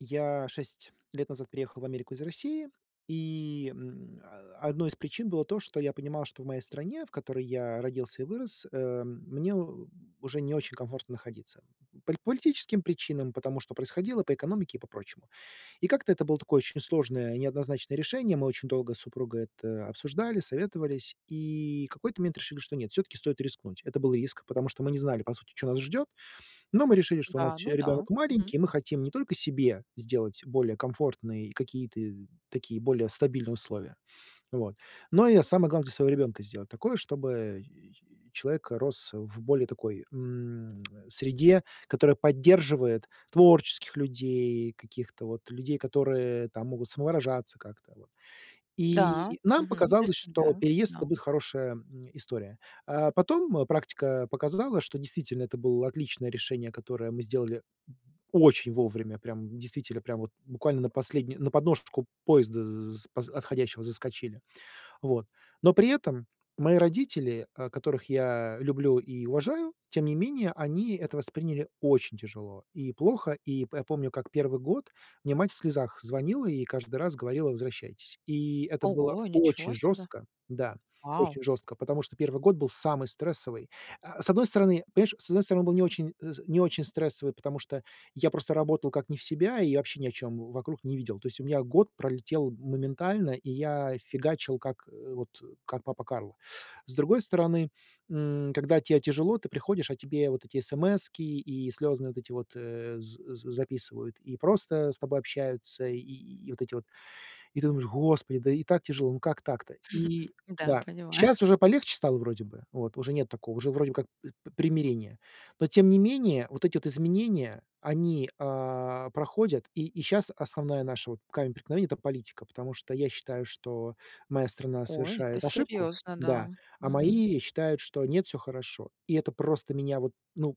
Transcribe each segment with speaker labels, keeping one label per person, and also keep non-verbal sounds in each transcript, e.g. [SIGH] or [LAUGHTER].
Speaker 1: Я 6 лет назад приехал в Америку из России. И, м, э, 1 из причин было то, что я понимал, что в моей стране, в которой я родился и вырос, э, мне у уже не очень комфортно находиться. По политическим причинам, потому что происходило, по экономике и по прочему. И как-то это было такое очень сложное и неоднозначное решение. Мы очень долго с супругой это обсуждали, советовались и какой-то момент решили, что нет, всё-таки стоит рискнуть. Это был риск, потому что мы не знали, по сути, чё нас ждет. Но мы решили, что у нас
Speaker 2: Да,
Speaker 1: еще
Speaker 2: ну да.
Speaker 1: ребенок
Speaker 2: Мгм.
Speaker 1: маленький, и мы хотим не только себе сделать более комфортные и какие-то такие более стабильные условия, вот. Но и самое главное для своего ребенка сделать такое, чтобы [GRUNTS] человека рос в более такой, м, [CLICKS TONGUE] среде, которая поддерживает творческих людей, каких-то вот людей, которые там могут самовыражаться как-то, вот.
Speaker 2: Да.
Speaker 1: И нам
Speaker 2: Мгм,
Speaker 1: показалось, что
Speaker 2: представляю,
Speaker 1: переезд-
Speaker 2: да.
Speaker 1: это будет хорошая, м, история. А, потом, э, практика показала, что действительно это было отличное решение, которое мы сделали очень вовремя. Прямо действительно, прямо вот буквально на последню на подножечку поезда з поз отходящего заскочили. Вот. Но при этом мои родители, э, которых я люблю и уважаю, тем не менее, они это восприняли очень тяжело и плохо. И п помню, как 1 год мне мать в слезах звонила и каждый раз говорила: "Возвращайтесь!" И это было
Speaker 2: Ого, ничего
Speaker 1: очень
Speaker 2: себе.
Speaker 1: жестко. Да,
Speaker 2: Вау!
Speaker 1: очень жестко, потому что 1 год был самый стрессовый. Э, с одной стороны, понимаешь, с одной стороны, он был не очень э, не очень стрессовый, потому что я просто работал как не в себя, и вообще ни о чем вокруг не видел. То есть у меня год пролетел моментально, и я фигачил, как вот, как папа Карло. С другой стороны, м, когда те тяжело, ты приходишь, а тебе вот эти эсэмэски и слёзные вот эти вот, э, з з записывают, и просто с тобой общаются, и и и вот эти вот. И ты думаешь: "Господи, да и так тяжело, ну как так-то?"
Speaker 2: [CHUCKLES]
Speaker 1: И
Speaker 2: Да,
Speaker 1: да,
Speaker 2: понимаю.
Speaker 1: щас уже полегче стало, вроде бы. Вот уже нет такого, уже вроде как п примирение. Но тем не менее вот эти вот изменения, они, а, проходят. И и щас основная наша вот, камень преткновения- это политика, потому что я считаю, что моя страна
Speaker 2: Ой, это
Speaker 1: совершает ошибку.
Speaker 2: серьезно, да.
Speaker 1: Да. А
Speaker 2: Мгм.
Speaker 1: мои считают, что нет, всё хорошо. И это просто меня вот ну,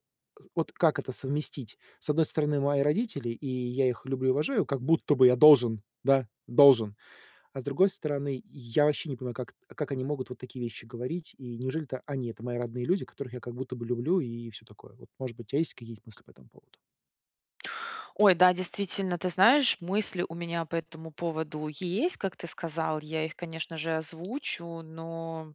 Speaker 1: вот как это совместить? С одной стороны- мои родители, и я их люблю и уважаю, как будто бы я должен, да, должен. А с другой стороны- я вообще не понимаю, как как они могут вот такие вещи говорить. И неужели это они- это мои родные люди, которых я как будто бы люблю, и всё такое, вот. Может быть, у тя есть какие-то мысли по этому поводу?
Speaker 2: Ой, да, действительно, ты знаешь, мысли у меня по этому поводу есть, как ты сказал, я их, конечно же, озвучу. Но,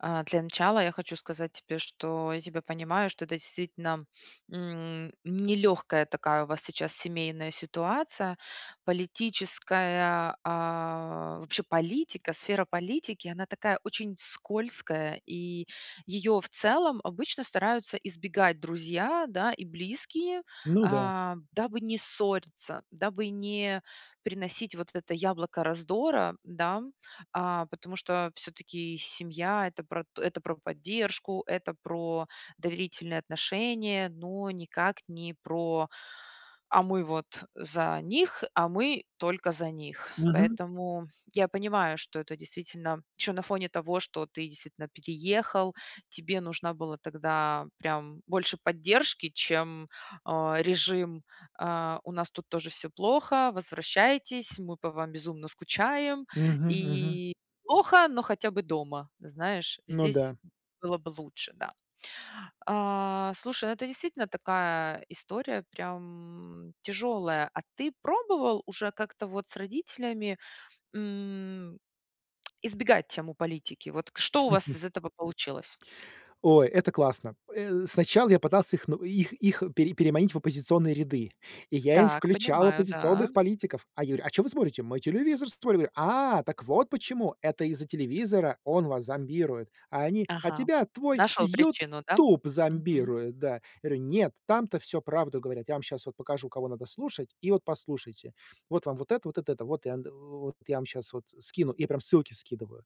Speaker 2: э, для начала я хочу сказать тебе, что я тебя понимаю, что это действительно, м, нелегкая такая у вас сейчас семейная ситуация. Политическая а, вообще политика, сфера политики- она такая очень скользкая, и ее в целом обычно стараются избегать друзья, да, и близкие,
Speaker 1: Ну да.
Speaker 2: а, дабы не ссориться, дабы не приносить вот это яблоко раздора, да. А, потому что всё-таки семья- это про это про поддержку, это про доверительные отношения, но никак не про "а мы вот за них, а мы только за них".
Speaker 1: Мгм.
Speaker 2: Поэтому я понимаю, что это действительно еще на фоне того, что ты действительно переехал- тебе нужна была тогда прям больше поддержки, чем, а, режим, э, "у нас тут тоже всё плохо, возвращайтесь, мы по вам безумно скучаем"
Speaker 1: Мгм мгм.
Speaker 2: и "плохо, но хотя бы дома". Знаешь,
Speaker 1: Ну
Speaker 2: здесь
Speaker 1: да.
Speaker 2: было бы лучше, да. А-а, слушай, это действительно такая история, прям, м, тяжелая. А ты пробовал уже как-то вот с родителями, м,, [CLICKS TONGUE] избегать тему политики? Вот к что у вас из
Speaker 1: [CHUCKLES]
Speaker 2: этого получилось?
Speaker 1: Ой, это классно! Э, сначала я пытался их ну их их пере переманить в оппозиционные ряды, и я им
Speaker 2: Так,
Speaker 1: включал
Speaker 2: понимаю, да.
Speaker 1: оппозиционных политиков. А я говорю: "А чё вы смотрите?"- "Мы телевизор смотрим". "А-а, так вот почему! Это из-за телевизора! Он вас зомбирует". А они: "А
Speaker 2: Ага.
Speaker 1: тебя твой
Speaker 2: Нашел причину, да?
Speaker 1: "Ютуб"
Speaker 2: Мгм.
Speaker 1: зомбирует", да. Говорю: "Нет. Там-то всё правду говорят. Я вам щас вот покажу, кого надо слушать. И вот послушайте. Вот вам вот это, вот это это, вот вот я вам щас вот скину". И прям ссылки скидываю.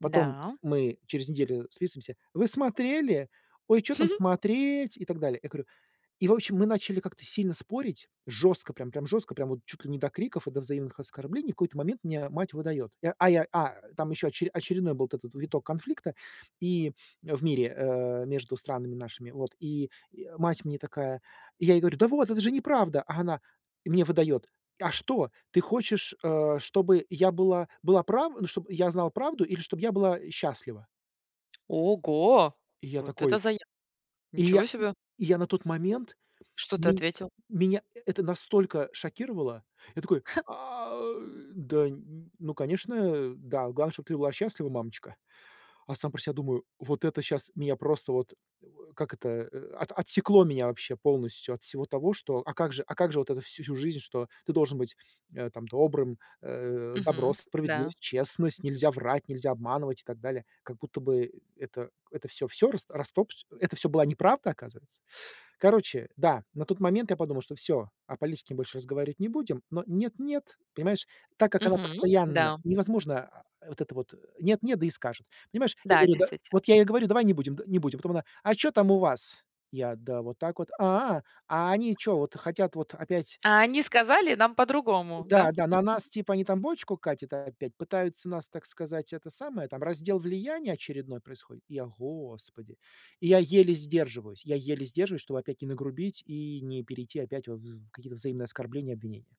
Speaker 1: Потом
Speaker 2: Да.
Speaker 1: мы через неделю списываемся: "Вы смотрели?" "Ой, чё там
Speaker 2: [CHUCKLES]
Speaker 1: смотреть?" И так далее. Я говорю И, в общем, мы начали как-то сильно спорить, жестко прям, прям жестко, прям вот чуть ли не до криков и до взаимных оскорблений. В какой-то момент мне мать выдает. Я а я а, там еще очере очередной был этот виток конфликта и в мире, э, между странами нашими. Вот, и, э, мать мне такая. Я ей говорю: "Да вот, это же неправда!" А она мне выдает: "А что, ты хочешь, э, чтобы я была была прав ну чтоб я знала правду, или чтоб я была счастлива?"
Speaker 2: Ого!
Speaker 1: Я
Speaker 2: Вот это
Speaker 1: такой
Speaker 2: зая
Speaker 1: И я
Speaker 2: Ничего себе!
Speaker 1: я на тот момент.
Speaker 2: Что ты
Speaker 1: Ме
Speaker 2: ответил?
Speaker 1: ...меня это настолько шокировало! Я такой:
Speaker 2: [CHUCKLES]
Speaker 1: "А, да, ну, конечно, да. Главное, чтоб ты была счастлива, мамочка". А сам про себя думаю: "Вот это щас меня просто вот Как это от отсекло меня вообще полностью от всего того, что А как же а как же вот это вс всю жизнь, что ты должен быть, э, там, добрым, э, добро,
Speaker 2: Мгм. Да.
Speaker 1: справедливость, честность, нельзя врать, нельзя обманывать и так далее?". Как будто бы, это это всё, всё рас растоп Это всё была неправда, оказывается. Короче, да, на тот момент я подумал, что всё, о политике больше разговаривать не будем. Но нет, нет, понимаешь, так как она
Speaker 2: Мгм.
Speaker 1: постоянно
Speaker 2: Да.
Speaker 1: невозможно, э, вот это вот нет, нет да и скажет. Понимаешь, я
Speaker 2: Да.
Speaker 1: говорю, да,
Speaker 2: Действитель
Speaker 1: вот я ей говорю: "Давай не будем, д не будем". Потом она: "А чё там у вас?" Я: "Да вот так вот". "А, а они чё вот хотят вот опять"
Speaker 2: А они сказали нам по-другому, да?
Speaker 1: "Да, да, на нас, типа, они
Speaker 2: [CHUCKLES]
Speaker 1: там бочку катят опять, пытаются нас, так сказать, это самое, там раздел влияния очередной происходит?" И я: "Господи!" И я еле сдерживаюсь, я еле сдерживаюсь, чтобы опять не нагрубить и не перейти опять в в какие-то взаимные оскорбления, обвинения.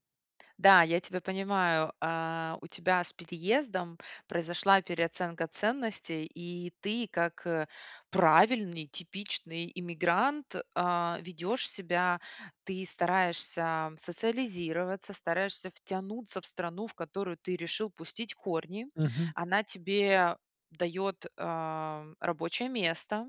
Speaker 2: Да, я тебя понимаю. А, у тебя с переездом произошла переоценка ценностей, и ты как, э, правильный типичный иммигрант, а, ведёшь себя. Ты стараешься социализироваться, стараешься втянуться в страну, в которую ты решил пустить корни.
Speaker 1: Мгм.
Speaker 2: Она тебе даёт, э, рабочее место.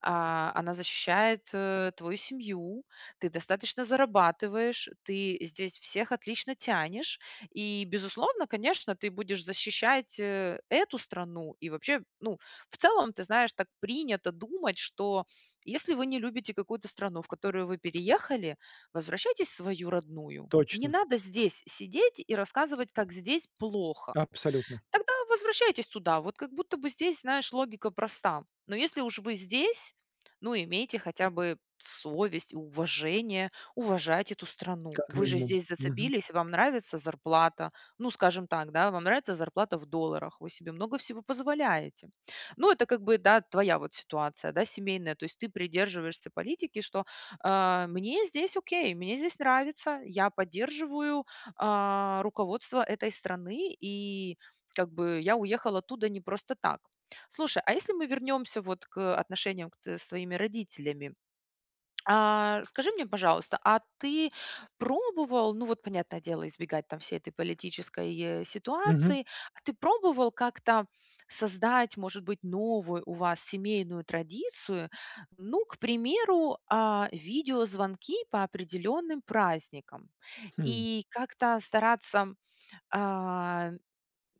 Speaker 2: А, она защищает, э, твою семью, ты достаточно зарабатываешь, ты здесь всех отлично тянешь. И, безусловно, конечно, ты будешь защищать, э, эту страну. И вообще, ну, в целом, ты знаешь, так принято думать, что если вы не любите какую-то страну, в которую вы переехали,- возвращайтесь в свою родную. Не
Speaker 1: Точно.
Speaker 2: надо здесь сидеть и рассказывать, как здесь плохо.
Speaker 1: Абсолютно!
Speaker 2: Тогда возвращайтесь туда. Вот как будто бы здесь, знаешь, логика проста. Но если уж вы здесь, ну, имейте хотя бы совесть и уважение- уважать эту страну.
Speaker 1: Как
Speaker 2: Вы же
Speaker 1: минимум.
Speaker 2: здесь
Speaker 1: Мгм.
Speaker 2: зацепились, вам нравится зарплата. Ну, скажем так, вам нравится зарплата в долларах, вы себе много всего позволяете. Ну, это как бы, да, твоя вот ситуация, да, семейная. То есть ты придерживаешься политики, что, а, мне здесь окей, мне здесь нравится, я поддерживаю, а, руководство этой страны, и как бы я уехал оттуда не просто так. Слушай, а если мы вернёмся вот к, э, отношениям к с твоими родителями. А, скажи мне, пожалуйста, а ты пробовал, ну вот понятное дело, избегать там всей этой политической
Speaker 1: Мгм.
Speaker 2: ситуации. А ты пробовал как-то создать, может быть, новую у вас семейную традицию? Ну, к примеру, а, видеозвонки по определённым праздникам
Speaker 1: Хм.
Speaker 2: и как-то стараться, а,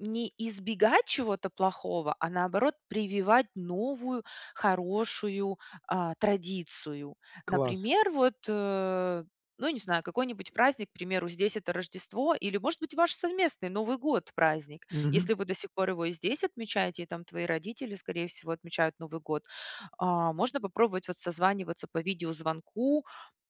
Speaker 2: не избегать чего-то плохого, а, наоборот, прививать новую хорошую, а, традицию.
Speaker 1: Класс.
Speaker 2: Например, вот, э, ну не знаю, какой-нибудь праздник- к примеру, здесь это Рождество, или, может быть, ваш совместный Новый год- праздник.
Speaker 1: Мгм.
Speaker 2: Если вы до сих пор его и здесь отмечаете, и там твои родители, скорее всего, отмечают Новый год, а, можно попробовать вот созваниваться по видеозвонку.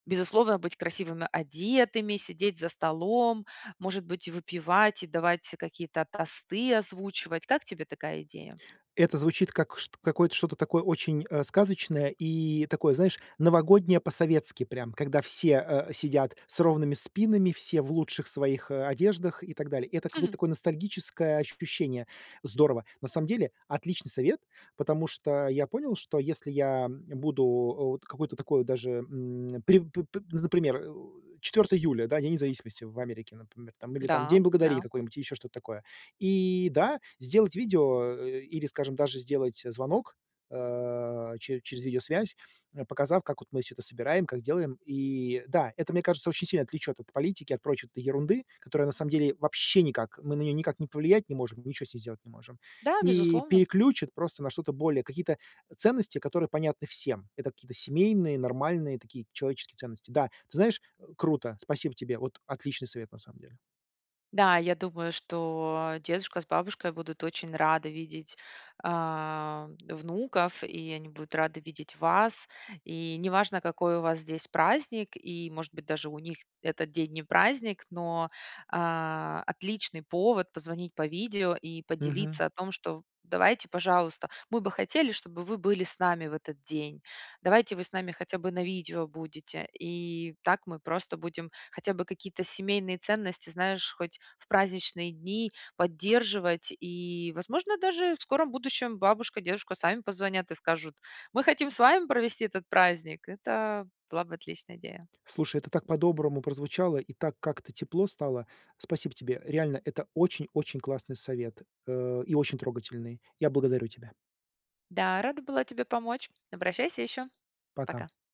Speaker 2: Безусловно, быть красивыми одетыми, сидеть за столом, может быть, и выпивать, и давать какие-то тосты озвучивать. Как тебе такая идея?
Speaker 1: Это звучит как чт какой что-то такое очень, э, сказочное и такое, знаешь, новогоднее по-советски, прям, когда все, э, сидят с ровными спинами, все в лучших своих, а, одеждах и так далее. Это какое-то
Speaker 2: [CHUCKLES]
Speaker 1: такое ностальгическое ощущение. Здорово. На самом деле отличный совет, потому что я понял, что если я буду, э, вот какой-то такой даже, м. При п п ну за пример, э, 4 июля, да, День независимости в Америке, например, или там
Speaker 2: Да,
Speaker 1: День благодарения
Speaker 2: да.
Speaker 1: какой-нибудь и еще что то такое. И, да, сделать видео и или, скажем, даже сделать звонок, а, чере через видеосвязь, показав, как вот мы всё это собираем, как делаем. И, да, это, мне кажется, очень сильно отвлечёт от политики, от прочей ерунды, которая на самом деле вообще никак мы на неё никак ни повлиять не можем, ничё с ней сделать не можем.
Speaker 2: Да,
Speaker 1: И
Speaker 2: безусловно.
Speaker 1: переключит просто на что-то более, какие-то ценности, которые понятны всем. Это какие-то семейные, нормальные такие человеческие ценности. Да, ты знаешь, круто. Спасибо тебе. Вот отличный совет на самом деле.
Speaker 2: Да, я думаю, что дедушка с бабушкой будут очень рады видеть, э, внуков, и они будут рады видеть вас. И неважно, какой у вас здесь праздник, и, может быть, даже у них этот день не праздник, но, а, отличный повод позвонить по видео и
Speaker 1: Мгм.
Speaker 2: поделиться о том, что: "Давайте, пожалуйста, мы бы хотели, чтобы вы были с нами в этот день. Давайте вы с нами хотя бы на видео будете". И так мы просто будем хотя бы какие-то семейные ценности, знаешь, хоть в праздничные дни поддерживать. И, возможно, даже в скором будущем бабушка, дедушка сами позвонят и скажут: "Мы хотим с вами провести этот праздник". Это была бы отличная идея.
Speaker 1: Слушай, это так по-доброму прозвучало, и так как-то тепло стало. Спасибо тебе. Реально, это очень, очень классный совет. Э, и очень трогательный. Я благодарю тебя.
Speaker 2: Да, рада была тебе помочь. Обращайся ещё.
Speaker 1: Пока.
Speaker 2: Пока.